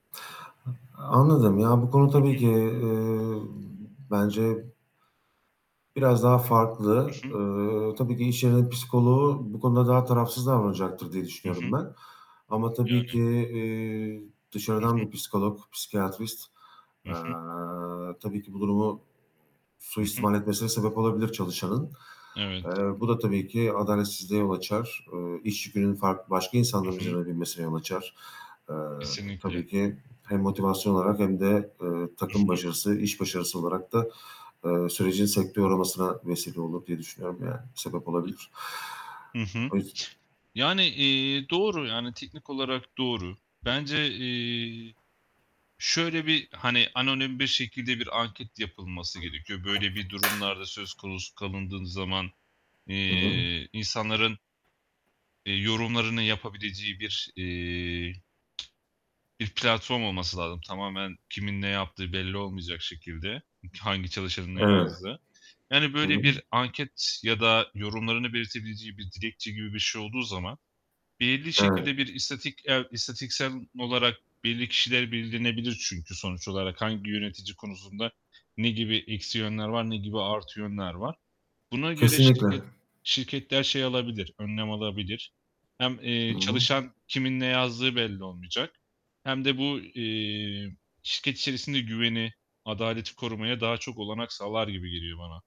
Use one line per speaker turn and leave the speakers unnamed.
A anladım ya, bu konu
Hı
tabii
hı.
ki, eee, bence biraz daha farklı.
Hı hı.
Eee, tabii ki iş yerinin psikoloğu bu konuda daha tarafsız davranacaktır diye
Hı
düşünüyorum
hı.
ben ama tabii ki,
Yani.
eee,
Hı hı.
dışarıdan bir psikolog, psikiyatrist,
Hı
eee,
hı.
tabii ki bu durumu
Hı hı.
suistimal etmesine sebep olabilir çalışanın.
Evet.
Eee, bu da tabii ki adaletsizliğe yol açar. Iıı, iş yükünün fark başka insanlar
Hı hı.
üzerine binmesine yol açar. Eee,
Kesinlikle.
tabii ki hem motivasyon olarak hem de, eee,
Hı
takım
hı.
başarısı, iş başarısı olarak da, eee, sürecin sekteye uğramasına vesile olur diye düşünüyorum, yani sebep olabilir.
Hı hı.
O yüz
Yani, eee, doğru, yani teknik olarak doğru. Bence, eee, şöyle, bir, hani, anonim bir şekilde bir anket yapılması gerekiyor. Böyle bir durumlarda söz konusu kalındığın zaman,
Hı hı.
eee, insanların eee, yorumlarını yapabileceği bir, eee, bir platform olması lazım tamamen kimin ne yaptığı belli olmayacak şekilde, ı hangi çalışanın ne
Evet.
yazdığı. Yani,
Hı
böyle,
hı.
bir anket ya da yorumlarını belirtebileceği bir dilekçe gibi bir şey olduğu zaman belirli şekilde
Evet.
bir istatik eee, istatistiksel olarak belli kişiler belirlenebilir çünkü sonuç olarak, hangi yönetici konusunda ne gibi eksi yönler var, ne gibi artı yönler var, buna göre
Kesinlikle.
şirket şirketler şey alabilir, önlem alabilir. Hem,
Hı
eee,
hı.
çalışan kimin ne yazdığı belli olmayacak hem de bu, eee, şirket içerisinde güveni, adaleti korumaya daha çok olanak sağlar gibi geliyor bana.